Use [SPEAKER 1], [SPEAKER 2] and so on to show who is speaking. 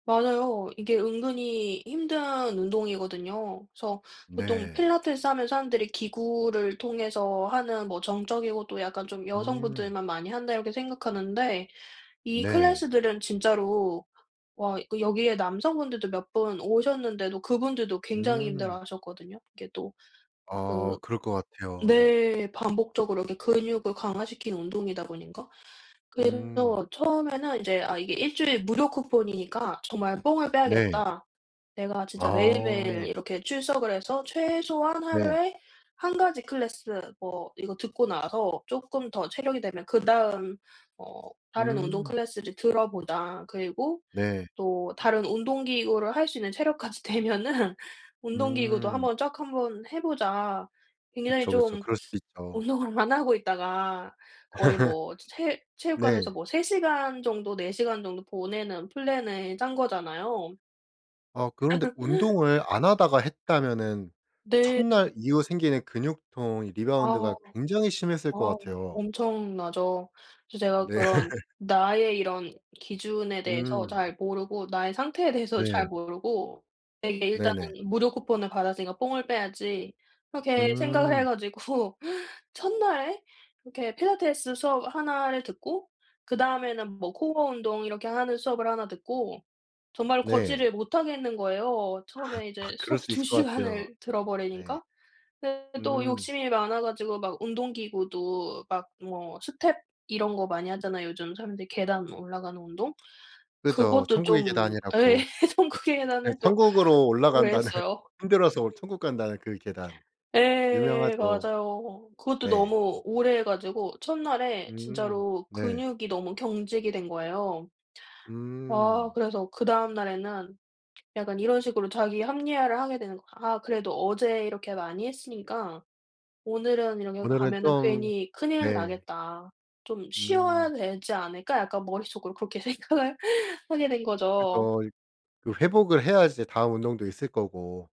[SPEAKER 1] 맞아요. 이게 은근히 힘든 운동이거든요. 그래서 보통
[SPEAKER 2] 네.
[SPEAKER 1] 필라테스 하면 사람들이 기구를 통해서 하는 뭐 정적이고 또 약간 좀
[SPEAKER 2] 음.
[SPEAKER 1] 여성분들만 많이 한다 이렇게 생각하는데 이
[SPEAKER 2] 네.
[SPEAKER 1] 클래스들은 진짜로 와 이거 여기에 남성분들도 몇 분 오셨는데도 그분들도 굉장히
[SPEAKER 2] 음.
[SPEAKER 1] 힘들어하셨거든요. 이게 또
[SPEAKER 2] 아
[SPEAKER 1] 그
[SPEAKER 2] 그럴 것 같아요. 네.
[SPEAKER 1] 네 반복적으로 이렇게 근육을 강화시키는 운동이다 보니까.
[SPEAKER 2] 음.
[SPEAKER 1] 그래서 처음에는 이제 '아 이게 1 주일 무료 쿠폰이니까 정말 뽕을
[SPEAKER 2] 네.
[SPEAKER 1] 빼야겠다. 내가 진짜 매일매일
[SPEAKER 2] 아.
[SPEAKER 1] 이렇게 출석을 해서 최소한
[SPEAKER 2] 네.
[SPEAKER 1] 하루에 1 가지 클래스 뭐 이거 듣고 나서 쪼끔 더 체력이 되면 그다음 어 다른 운동
[SPEAKER 2] 음.
[SPEAKER 1] 클래스를 들어보자. 그리고
[SPEAKER 2] 네.
[SPEAKER 1] 또 다른 운동기구를 할 수 있는 체력까지 되면은 운동기구도 1
[SPEAKER 2] 음.
[SPEAKER 1] 번 쫙 1 번 해 보자.' 굉장히
[SPEAKER 2] 그쵸, 그쵸.
[SPEAKER 1] 좀
[SPEAKER 2] 그럴 수도 있죠.
[SPEAKER 1] 운동을 안 하고 있다가 거의 뭐 체 체육관에서
[SPEAKER 2] 네.
[SPEAKER 1] 뭐 3 시간 정도 4 시간 정도 보내는 플랜을 짠 거잖아요.
[SPEAKER 2] 아 그런데 운동을 안 하다가 했다면은 1
[SPEAKER 1] 네.
[SPEAKER 2] 날 이후 생기는 근육통 이
[SPEAKER 1] 아.
[SPEAKER 2] 리바운드가 굉장히 심했을 것
[SPEAKER 1] 아.
[SPEAKER 2] 같아요.
[SPEAKER 1] 엄청나죠. 그래서 제가
[SPEAKER 2] 네.
[SPEAKER 1] 그런 나의 이런 기준에 대해서
[SPEAKER 2] 음.
[SPEAKER 1] 잘 모르고 나의 상태에 대해서 잘
[SPEAKER 2] 네.
[SPEAKER 1] 모르고 되게 일단은
[SPEAKER 2] 네네.
[SPEAKER 1] '무료 쿠폰을 받았으니까 뽕을 빼야지.' 그렇게 생각을 해
[SPEAKER 2] 음.
[SPEAKER 1] 가지고 1 날에 이렇게 필라테스 수업 1 를 듣고 그다음에는 뭐 코어 운동 이렇게 하는 수업을 1 듣고 정말
[SPEAKER 2] 네.
[SPEAKER 1] 걷지를 못 하겠는 거예요. 처음에 이제
[SPEAKER 2] 그럴
[SPEAKER 1] 수업
[SPEAKER 2] 수
[SPEAKER 1] 2
[SPEAKER 2] 있을 것 같아요.
[SPEAKER 1] 시간을
[SPEAKER 2] 네.
[SPEAKER 1] 들어버리니까. 근데 또
[SPEAKER 2] 음.
[SPEAKER 1] 욕심이 많아 가지고 막 운동기구도 막 뭐 스텝 이런 거 많이 하잖아요 요즘 사람들이 계단 뭐 올라가는 운동.
[SPEAKER 2] 그죠.
[SPEAKER 1] 그것도
[SPEAKER 2] 천국의
[SPEAKER 1] 좀 예
[SPEAKER 2] 계단이라고. 네.
[SPEAKER 1] 천국의
[SPEAKER 2] 네
[SPEAKER 1] 계단을 또
[SPEAKER 2] 천국으로
[SPEAKER 1] 오래
[SPEAKER 2] 올라간다는,
[SPEAKER 1] 했어요.
[SPEAKER 2] 힘들어서 천국 간다는 그 계단.
[SPEAKER 1] 예
[SPEAKER 2] 유명하죠.
[SPEAKER 1] 맞아요. 그것도
[SPEAKER 2] 네.
[SPEAKER 1] 너무 오래 해 가지고 1 날에
[SPEAKER 2] 음.
[SPEAKER 1] 진짜로
[SPEAKER 2] 네.
[SPEAKER 1] 근육이 너무 경직이 된 거예요. 아
[SPEAKER 2] 음.
[SPEAKER 1] 그래서 그다음 날에는 약간 이런 식으로 자기 합리화를 하게 되는 거 '아 그래도 어제 이렇게 많이 했으니까 오늘은 이렇게
[SPEAKER 2] 오늘은
[SPEAKER 1] 가면은
[SPEAKER 2] 좀
[SPEAKER 1] 괜히 큰일
[SPEAKER 2] 네.
[SPEAKER 1] 나겠다. 좀 쉬어야
[SPEAKER 2] 음.
[SPEAKER 1] 되지 않을까?' 약간 머릿속으로 그렇게 생각을 하게 된 거죠.
[SPEAKER 2] 그죠 이 그 회복을 해야 이제 다음 운동도 있을 거고.